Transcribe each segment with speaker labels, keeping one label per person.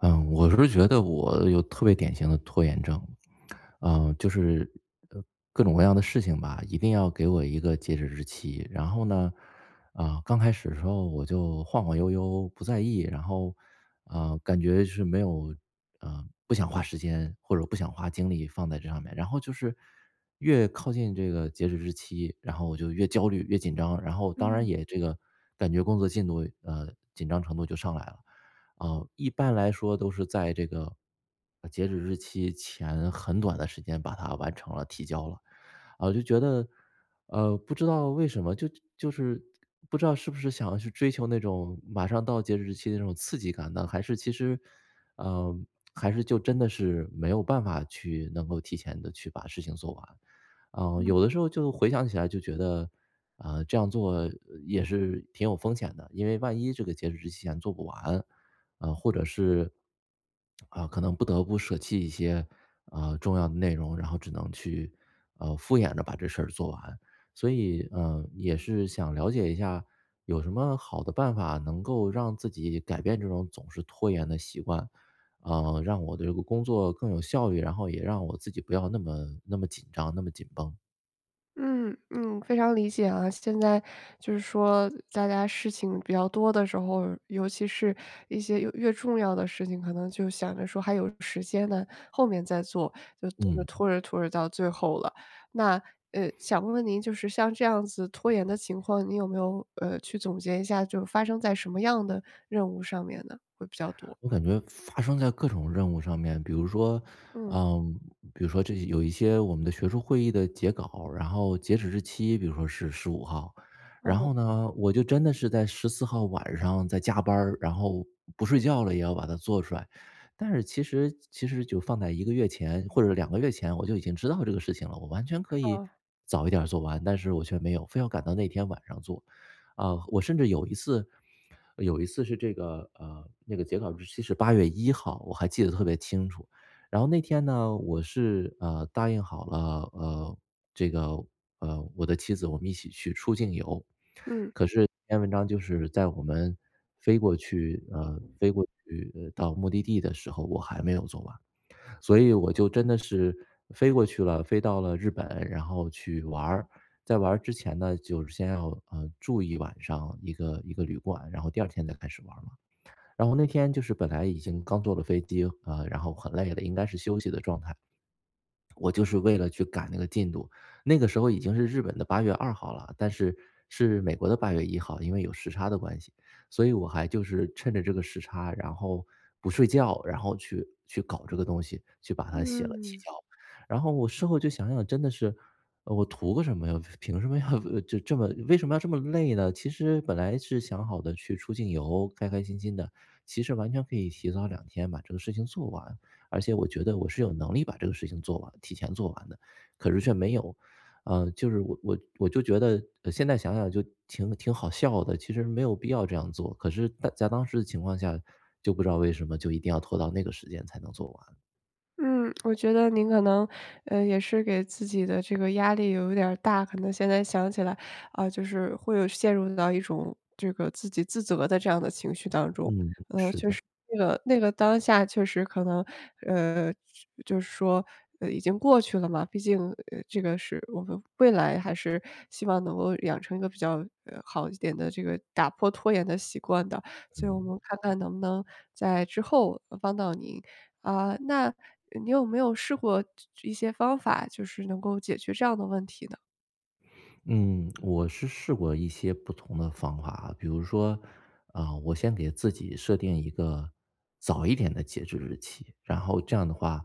Speaker 1: 嗯，我是觉得我有特别典型的拖延症。呃，就是各种各样的事情吧，一定要给我一个截止日期。然后呢，啊，刚开始的时候我就晃晃悠悠不在意，然后，呃，感觉就是没有，啊，不想花时间或者不想花精力放在这上面。然后就是越靠近这个截止日期，然后我就越焦虑越紧张，然后当然
Speaker 2: 嗯。
Speaker 1: 也这个感觉工作进度，呃，紧张程度就上来了。呃，一般来说都是在这个截止日期前很短的时间把它完成了提交了，啊，我就觉得，呃，不知道为什么？就就是不知道是不是想要去追求那种马上到截止日期那种刺激感呢，还是其实呃，还是就真的是没有办法去能够提前地去把事情做完。啊，
Speaker 2: 嗯。
Speaker 1: 有的时候就回想起来就觉得，啊，这样做也是挺有风险的，因为万一这个截止日期前做不完。呃，或者是，啊，可能不得不舍弃一些，啊，重要的内容，然后只能去，呃，敷衍着把这事儿做完。所以，呃，也是想了解一下，有什么好的办法能够让自己改变这种总是拖延的习惯？啊，让我的这个工作更有效率，然后也让我自己不要那么那么紧张，那么紧绷。
Speaker 2: 嗯嗯，非常理解啊。现在就是说大家事情比较多的时候，尤其是一些越越重要的事情，可能就想着说还有时间呢，后面再做，就
Speaker 1: 嗯。
Speaker 2: 拖着拖着到最后了。那，呃，想问问您就是像这样子拖延的情况，您有没有，呃，去总结一下就发生在什么样的任务上面呢，会比较多。
Speaker 1: 我感觉发生在各种任务上面，比如说
Speaker 2: 嗯。
Speaker 1: 呃，比如说这几有一些我们的学术会议的截稿，然后截止日期比如说是15号。
Speaker 2: 干
Speaker 1: 然
Speaker 2: 活。
Speaker 1: 后呢，我就真的是在14号晚上在加班儿，然后不睡觉了也要把它做出来。但是其实其实就放在1个月前或者2个月前，我就已经知道这个事情了，我完全可以
Speaker 2: 好。
Speaker 1: 早一点儿做完。但是我却没有，非要赶到那天晚上做。啊，我甚至有一次有一次是这个，呃，那个截稿日期是八月一号，我还记得特别清楚。然后那天呢，我是，呃，答应好了，呃，这个，呃，我的妻子我们一起去出境游。
Speaker 2: 嗯。
Speaker 1: 可是这篇文章就是在我们飞过去呃，飞过去到目的地的时候，我还没有做完。所以我就真的是飞过去了，飞到了日本，然后去玩儿。在玩儿之前呢，就先要，呃，住1晚上一个一个旅馆，然后第2天再开始玩儿了。然后那天就是本来已经刚坐了飞机，啊，然后很累的，应该是休息的状态。我就是为了去赶那个进度，那个时候已经是日本的八月二号了，但是是美国的八月一号，因为有时差的关系。所以我还就是趁着这个时差，然后不睡觉，然后去去搞这个东西，去把它写了提
Speaker 2: 嗯。
Speaker 1: 交。然后我事后就想想真的是，呃，我图个什么呀，凭什么要这这么为什么要这么累呢？其实本来是想好的，去出境游，开开心心的，其实完全可以提早2天把这个事情做完。而且我觉得我是有能力把这个事情做完提前做完的，可是却没有啊。就是我我我就觉得现在想想就挺挺好笑的，其实没有必要这样做，可是在在当时的情况下就不知道为什么就一定要拖到那个时间才能做完。
Speaker 2: 嗯，我觉得您可能，呃，也是给自己的这个压力有点儿大。可能现在想起来，呃，就是会有陷入到一种，这个自己自责的这样的情绪当中。呃，
Speaker 1: 嗯，是的。
Speaker 2: 就是那个那个当下确实可能，呃，去就是说已经过去了嘛，毕竟，呃，这个是我们未来还是希望能够养成一个比较，呃，好一点的这个打破拖延的习惯的，所以我
Speaker 1: 嗯。
Speaker 2: 们看看能不能在之后帮到您。啊，那你有没有试过一些方法，就是能够解决这样的问题呢？
Speaker 1: 嗯，我是试过一些不同的方法啊。比如说，啊，我先给自己设定一个早一点的截止日期。然后这样的话，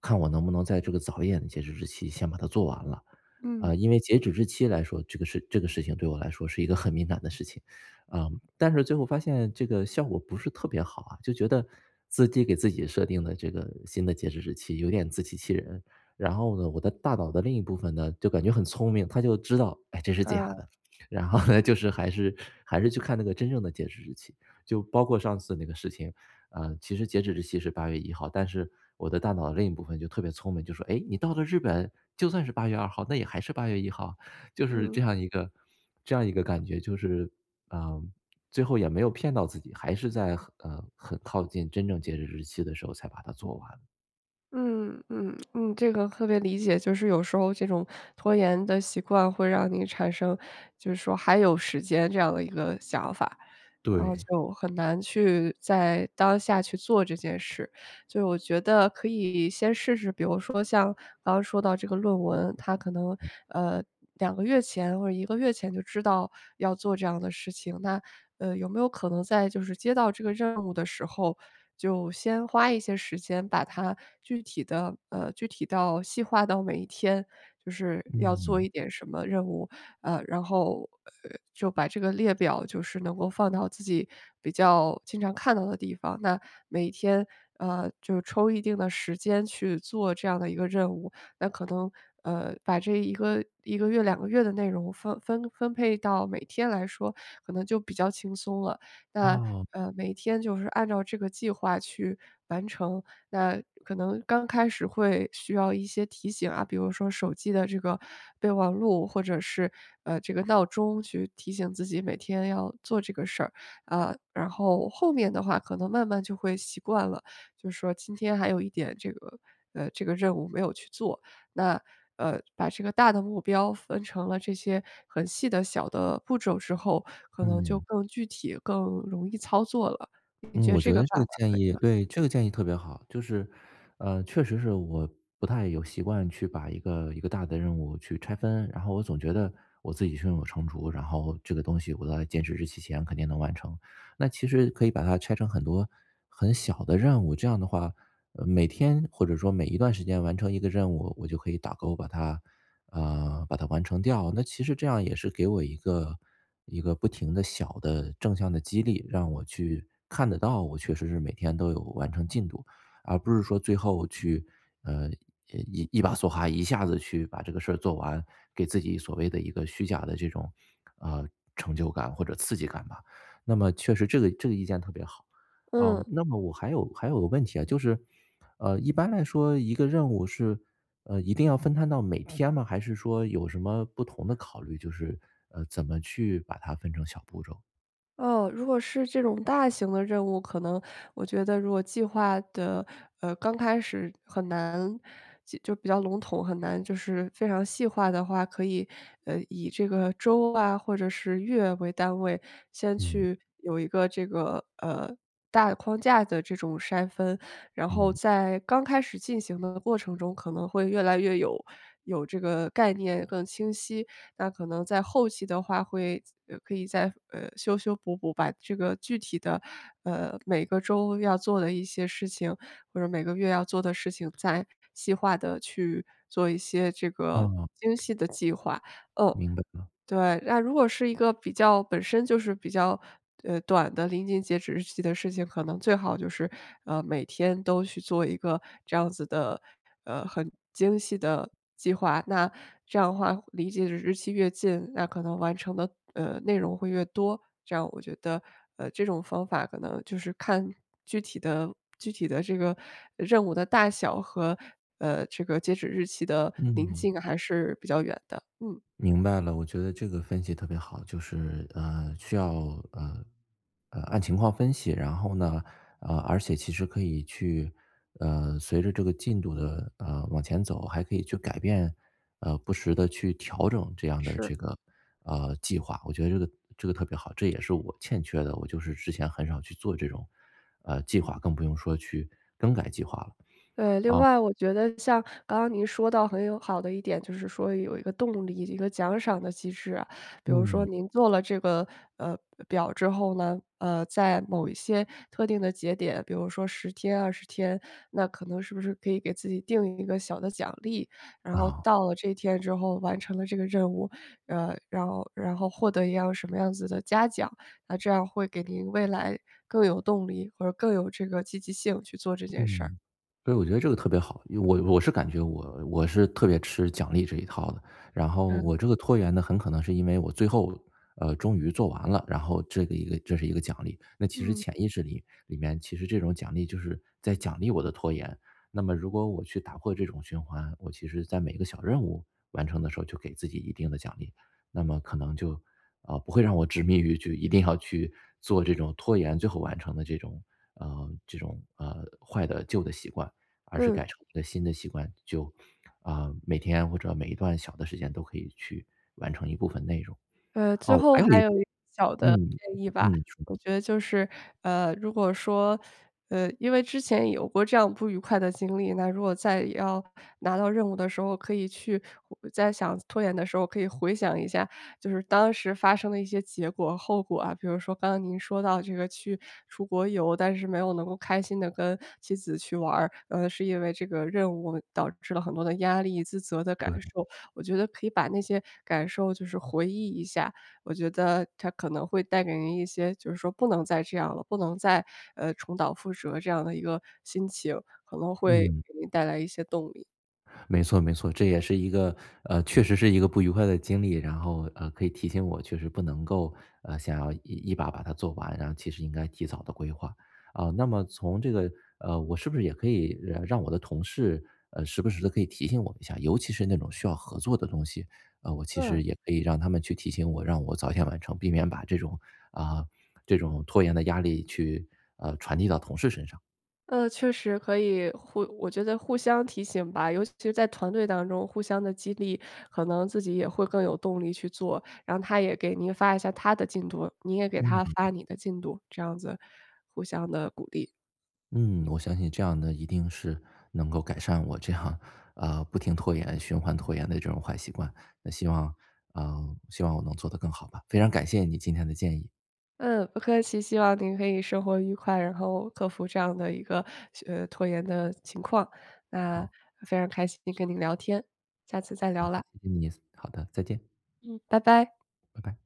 Speaker 1: 看我能不能在这个早一点的截止日期先把它做完了。
Speaker 2: 嗯。
Speaker 1: 呃，因为截止日期来说，这个事这个事情对我来说是一个很敏感的事情。啊，但是最后发现这个效果不是特别好啊，就觉得，自己给自己设定的这个新的截止日期，有点自欺欺人。然后呢，我的大脑的另一部分呢，就感觉很聪明，它就知道，哎，这是假
Speaker 2: 嗯。
Speaker 1: 的。然后呢，就是还是还是去看那个真正的截止日期。就包括上次那个事情，呃，其实截止日期是八月1号，但是，我的大脑的另一部分就特别聪明，就说：“哎，你到了日本，就算是八月2号，那也还是八月1号。”就是这
Speaker 2: 嗯。
Speaker 1: 样一个这样一个感觉，就是，嗯，最后也没有骗到自己，还是在很呃，很靠近真正截止日期的时候才把它做完。
Speaker 2: 嗯嗯嗯，这个特别理解，就是有时候这种拖延的习惯会让你产生，就是说还有时间这样的一个想法。然后
Speaker 1: 对。
Speaker 2: 就很难去在当下去做这件事，就我觉得可以先试试，比如说像，刚刚说到这个论文，它可能，
Speaker 1: 嗯。
Speaker 2: 呃，2个月前或者1个月前就知道要做这样的事情。那，呃，有没有可能在就是接到这个任务的时候，就先花一些时间把它具体地呃，具体到细化到每一天，就是要做
Speaker 1: 嗯。
Speaker 2: 一点什么任务。呃，然后，呃，就把这个列表就是能够放到自己比较经常看到的地方，那每天，呃，就抽一定的时间去做这样的一个任务。那可能，呃，把这1个1个月2个月的内容分分分配到每天来说，可能就比较轻松了。那，
Speaker 1: 哦。
Speaker 2: 呃，每天就是按照这个计划去完成。那可能刚开始会需要一些提醒啊，比如说手机的这个备忘录或者是，呃，这个闹钟去提醒自己每天要做这个事儿。啊，然后后面的话可能慢慢就会习惯了，就说今天还有一点这个呃，这个任务没有去做，那，呃，把这个大的目标分成了这些很细的小的步骤之后，可能就
Speaker 1: 嗯。
Speaker 2: 更具体更容易操作了。您
Speaker 1: 嗯，
Speaker 2: 觉得
Speaker 1: 我觉
Speaker 2: 这
Speaker 1: 得
Speaker 2: 个
Speaker 1: 这
Speaker 2: 办
Speaker 1: 个
Speaker 2: 法
Speaker 1: 建
Speaker 2: 可以
Speaker 1: 议
Speaker 2: 吗？
Speaker 1: 对，这个建议特别好。就是，呃，确实是我不太有习惯去把一个一个大的任务去拆分，然后我总觉得我自己胸有成竹，然后这个东西我在截止日期前肯定能完成。那其实可以把它拆成很多很小的任务，这样的话每天或者说每一段时间完成一个任务，我就可以打勾把它啊，把它完成掉。那其实这样也是给我一个一个不停的小的正向的激励，让我去看得到，我确实是每天都有完成进度，而不是说最后去，呃，一一把梭哈，一下子去把这个事儿做完，给自己所谓的一个虚假的这种，啊，成就感或者刺激感吧。那么确实这个这个意见特别好。啊，
Speaker 2: 嗯。
Speaker 1: 那么我还有还有个问题啊，就是，呃，一般来说一个任务是，呃，一定要分摊到每天吗？还是说有什么不同的考虑，就是，呃，怎么去把它分成小步骤。
Speaker 2: 哦，如果是这种大型的任务，可能我觉得如果计划的，呃，刚开始很难就比较笼统，很难就是非常细化的话，可以，呃，以这个周啊或者是月为单位，先
Speaker 1: 嗯。
Speaker 2: 去有一个这个，呃，大的框架的这种筛分。然后
Speaker 1: 嗯。
Speaker 2: 在刚开始进行的过程中可能会越来越有有这个概念更清晰。那可能在后期的话会可以再修修补补把这个具体的，呃，每个周要做的一些事情，或者每个月要做的事情再细化地去做一些这个
Speaker 1: 嗯。
Speaker 2: 精细的计划。嗯，
Speaker 1: 明白了。
Speaker 2: 对，那如果是一个比较本身就是比较，呃，短的临近截止日期的事情，可能最好就是，呃，每天都去做一个这样子的，呃，很精细的计划，那这样的话离这个日期越近，那可能完成的，呃，内容会越多。这样我觉得，呃，这种方法可能就是看具体的具体的这个任务的大小和，呃，这个截止日期的临
Speaker 1: 嗯。
Speaker 2: 近还是比较远的，嗯。
Speaker 1: 明白了，我觉得这个分析特别好。就是，呃，需要，呃，呃，按情况分析，然后呢，呃，而且其实可以去，呃，随着这个进度的，呃，往前走，还可以去改变，呃，不时地去调整这样的
Speaker 2: 是。
Speaker 1: 这个，呃，计划。我觉得这个这个特别好，这也是我欠缺的。我就是之前很少去做这种，呃，计划，更不用说去更改计划了。
Speaker 2: 呃，另
Speaker 1: 啊。
Speaker 2: 外我觉得像刚刚您说到很有好的一点，就是说有一个动力，一个奖赏的机制啊。比如说
Speaker 1: 嗯。
Speaker 2: 您做了这个，呃，表之后呢，呃，在某一些特定的节点，比如说10天20天，那可能是不是可以给自己定一个小的奖励，然后
Speaker 1: 啊。
Speaker 2: 到了这一天之后完成了这个任务，呃，然后然后获得一样什么样子的嘉奖。那这样会给您未来更有动力或者更有这个积极性去做这件事儿。
Speaker 1: 嗯，所以我觉得这个特别好。因为我我是感觉我我是特别吃奖励这一套的，然后
Speaker 2: 嗯。
Speaker 1: 我这个拖延呢，很可能是因为我最后，呃，终于做完了，然后这个一个这是一个奖励。那其实
Speaker 2: 嗯。
Speaker 1: 潜意识里里面其实这种奖励就是在奖励我的拖延。那么如果我去打破这种循环，我其实在每个小任务完成的时候就给自己一定的奖励，那么可能就，啊，不会让我执迷于去一定要去做这种拖延，最后完成的这种，呃，这种，呃，坏的旧的习惯。而是
Speaker 2: 嗯。
Speaker 1: 改成一个新的习惯。就，啊，每天或者每一段小的时间都可以去完成一部分内容。
Speaker 2: 呃，最
Speaker 1: 哦，我
Speaker 2: 后
Speaker 1: 还有一
Speaker 2: 还有
Speaker 1: 个
Speaker 2: 一个小的
Speaker 1: 嗯，
Speaker 2: 建议吧，
Speaker 1: 嗯。你说。
Speaker 2: 我觉得就是，呃，如果说，呃，因为之前有过这样不愉快的经历。那如果再要拿到任务的时候可以去再想拖延的时候，可以回想一下，就是当时发生的一些结果后果啊。比如说刚刚您说到这个去出国游，但是没有能够开心地跟妻子去玩儿。嗯，是因为这个任务导致了很多的压力，自责的感
Speaker 1: 对。
Speaker 2: 受。我觉得可以把那些感受就是回忆一下，我觉得它可能会带给你一些，就是说不能再这样了，不能再，呃，重蹈覆辙这样的一个心情，可能会
Speaker 1: 嗯。
Speaker 2: 给你带来一些动力。
Speaker 1: 没错没错，这也是一个呃，确实是一个不愉快的经历，然后，呃，可以提醒我确实不能够，呃，想要一把把它做完，然后其实应该提早地规划。啊，那么从这个呃，我是不是也可以让我的同事，呃，时不时地可以提醒我一下，尤其是那种需要合作的东西，啊，我其
Speaker 2: 嗯。
Speaker 1: 实也可以让他们去提醒我，让我早点完成，避免把这种啊，这种拖延的压力去，呃，传递到同事身上。
Speaker 2: 呃，确实，可以互我觉得互相提醒吧，尤其在团队当中互相地激励，可能自己也会更有动力去做，然后他也给您发一下他的进度，你也给他
Speaker 1: 嗯。
Speaker 2: 发你的进度，这样子互相地鼓励。
Speaker 1: 嗯，我相信这样的，一定是能够改善我这样，呃，不停拖延，循环拖延的这种坏习惯，那希望呃，希望我能做得更好吧，非常感谢你今天的建议。
Speaker 2: 嗯，不客气，希望您可以生活愉快，然后克服这样的一个，呃，拖延的情况，那
Speaker 1: 好。
Speaker 2: 非常开心跟您聊天，下次再
Speaker 1: 好，
Speaker 2: 聊啦。
Speaker 1: 好的，再见。
Speaker 2: 嗯，拜拜。
Speaker 1: 拜拜。